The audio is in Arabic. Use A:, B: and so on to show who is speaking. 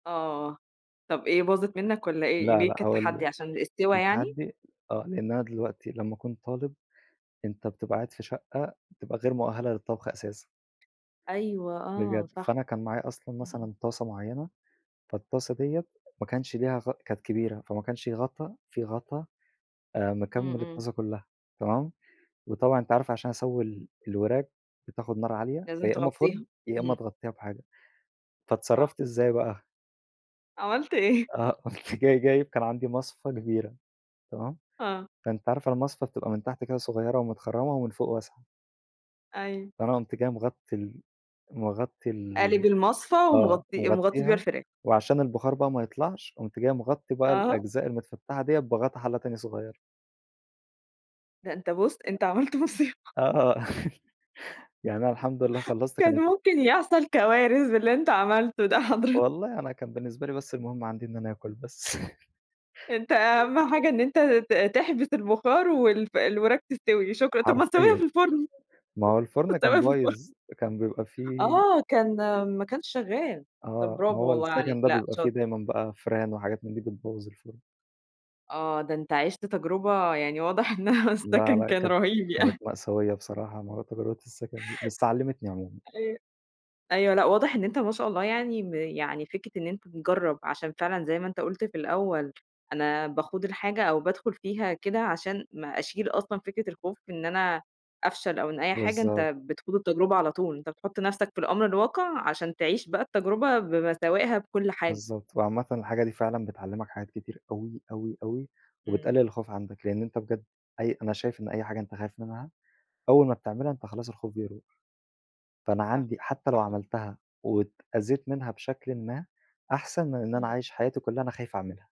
A: آه، طَب إيه باظت
B: أ
A: منّك والّا إيه،
B: لأ
A: ليه
B: لأ
A: كانت
B: هاقول لِك
A: تحدي عشان السِوَى
B: كان
A: يعني؟
B: تحدي آه، لإن أنا دلوقتي لمّا اكون طالب، أنت بتبقى قاعد في شقة بتبقى غير مؤهلة للطبخ أساسًا.
A: أيوه آه
B: بجد،
A: صح.
B: فأنا كان معايا أصلًا
A: إمم، إمم.
B: مثلًا طاسة معيّنة، فالطاسة دِيّة ما كانش ليها غ كانت كبيرة، فما كانش غطا في غطا آآ مكمّل
A: إمم، إمم.
B: الطاسة كلّها، تمام، وطبعًا أنتِ عارفة عشان اسوّي ال الوراك بتاخد نار عالية،
A: لازم
B: فيا إمّا
A: تغطّيها
B: فرن، يا إمّا
A: امم.
B: تغطّيها بحاجة،
A: صح.
B: فاتصرّفت إزاي بقى؟
A: عملت إيه؟
B: آه قُمت جاي جايب كان عندي مصفى كبيرة، تمام؟
A: آه.
B: فأنتِ عارفة المصفى بتبقى من تحت كده صغيّرة ومتخرّمة ومن فوق واسعة.
A: أيوه.
B: فأنا قُمت جاي مغطي ال مغطي
A: قالب
B: ال
A: المصفى
B: آه،
A: ومغطّي ومغطّي بيها
B: مغطّيها،
A: الفراخ.
B: وعشان البخار بقى ما يطلعش قُمت جاي مغطّي بقى
A: أها.
B: الأجزاء المتفتحة دِيّة بغطا حلّة تاني صغيّرة.
A: ده أنت بُص أنت عملت مُصيبة.
B: آه، آه يعني أنا الحمد لله خلّصت
A: كان
B: كانت الط
A: ممكن يحصل كوارث باللي أنت عملته ده حضرتك.
B: والله أنا كان بالنسبة لي بس المهم عندي إن أنا آكل بس.
A: أنت أهَم حاجة إن أنت ت تحبس البُخار، والف الوراك تستِوِي شكرًا، طَب ما تسوّيها
B: حرفيًا،
A: في الفرن،
B: ما هو
A: ما
B: الفرن كان
A: تسوّيها في الفرن.
B: بايظ كان بيبقى في
A: آه، كان ما كانش شغال طَب
B: آه، ما
A: برافو
B: هو
A: والله عليك
B: السكن ده
A: لأ
B: بيبقى في
A: شاطر.
B: دايمًا بقى فيران، وحاجات من دي بتبوّظ الفرن.
A: آه، ده أنت عِشت تجربة يعني واضح إنّها
B: لأ
A: السَكن
B: لأ
A: كان
B: كت
A: رهيب
B: كانت
A: يعني.
B: مأساوية بصراحة مع تغيّرات السكن دي، بس علمتني عمومًا.
A: أيوه، أيوه لأ واضح إن أنت ما شاء الله يعني م يعني فكرة إن أنت مجرّب عشان فعلًا زي ما أنت قُلت في الأول، أنا باخوض الحاجة أو بادخل فيها كده عشان ما أشيل أصلًا فكرة الخوف إن أنا أفشل أو أي حاجة
B: بالضبط.
A: أنت بتخوض التجربة على طول، أنت بتحط نفسك في الأمر الواقع عشان تعيش بقى التجربة بمساوائها بكل حاجة.
B: بالضبط، وعامةً الحاجة دي فعلًا بتعلّمك حاجات كتير أوي، أوي، أوي
A: إمم.
B: وبتقلل الخوف عندك، لإن أنت بجد أي أنا شايف إن أي حاجة أنت خايف منها أول ما بتعملها، أنت خلاص الخوف بيروح. فأنا
A: صح.
B: عندي حتى لو
A: صحي
B: عملتها واتأذيت منها بشكلٍ ما، أحسن من إن أنا
A: إمم.
B: عايش حياتي كلّها أنا خايف اعملها.